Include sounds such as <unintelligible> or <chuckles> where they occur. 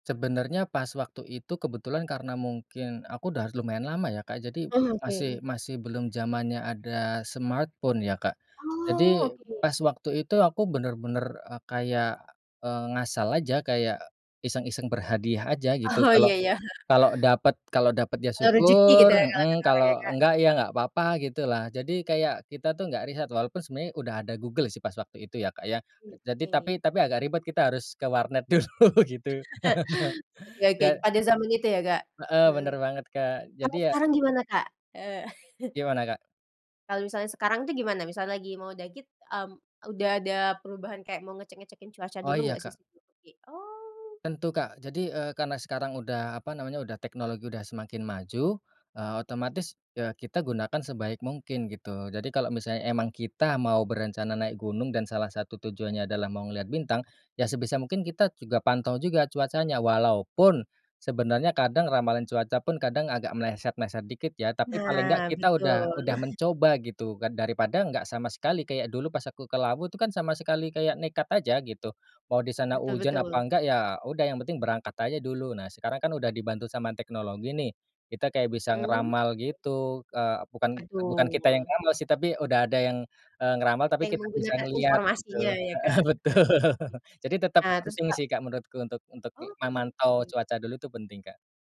Sebenernya, pas waktu itu kebetulan karena mungkin, aku udah lumayan lama ya, Kak. Jadi, Oh. Oke, masih mmm. masih belum zamannya ada smartphone, ya, Kak. Oh, Jadi, oke. pas waktu itu, aku bener-bener, eee, kayak, eee, ngasal aja, kayak iseng-iseng berhadiah aja, gitu. Oh, Kalau iya iya. <chuckles> kalau dapet kalau dapet ya Eee, rezeki syukur gitu ya, kalo heeh, kata orang ya, kalau Kak? enggak, ya enggak apa-apa, gitu lah. Jadi kayak, kita tuh nggak riset, walaupun sebenarnya udah ada Google sih, pas waktu itu ya, Kak, ya. Mmm, Jadi oke. tapi tapi agak ribet, kita harus ke warnet dulu, gitu. <laughs> <chuckles> Oke oke, Dan pada zaman itu ya, Kak? Heeh, Mhm, bener banget, Kak. Jadi kalau ya sekarang gimana, Kak? Eee <chuckles> Gimana, Kak? Kalau misalnya sekarang tuh, gimana? Misalnya lagi mau daki, mmm, udah ada perubahan kayak mau ngecek-ngecekin cuaca Oh, dulu iya, nggak, sih? Kak. Seperti oh! Tentu, Kak. Jadi, eee, karena sekarang udah, apa namanya, udah teknologi udah semakin maju, eee, otomatis ya kita gunakan sebaik mungkin, gitu. Jadi, kalau misalnya emang kita mau berencana naik gunung, dan salah satu tujuannya adalah mau melihat bintang, ya sebisa mungkin kita juga pantau juga, cuacanya. Walaupun, sebenarnya kadang ramalan cuaca pun kadang, agak meleset-meleset dikit, ya. Tapi paling enggak, Nah, kita udah betul. udah <chuckles> mencoba, gitu kan. Daripada enggak sama sekali, kayak dulu pas aku ke Lawu tuh kan, sama sekali kayak nekat aja, gitu. Mau di sana Betul hujan, apa betul. enggak ya udah, yang penting berangkat aja dulu. Nah, sekarang kan udah dibantu sama teknologi nih. Kita kayak bisa Mhm.? ngeramal gitu, eee, bukan, eee, bukan kita yang Betul. ngeramal sih, tapi udah ada yang, eee, ngeramal, Kita tapi yang kita bisa menggunakan ngelihat, gitu informasinya ya, heeh, Kak? Oke. betul. Jadi tetep Nah, terus, penting Kak sih, Kak, menurutku untuk untuk, Oh, memantau <unintelligible> cuaca dulu, itu penting, Kak.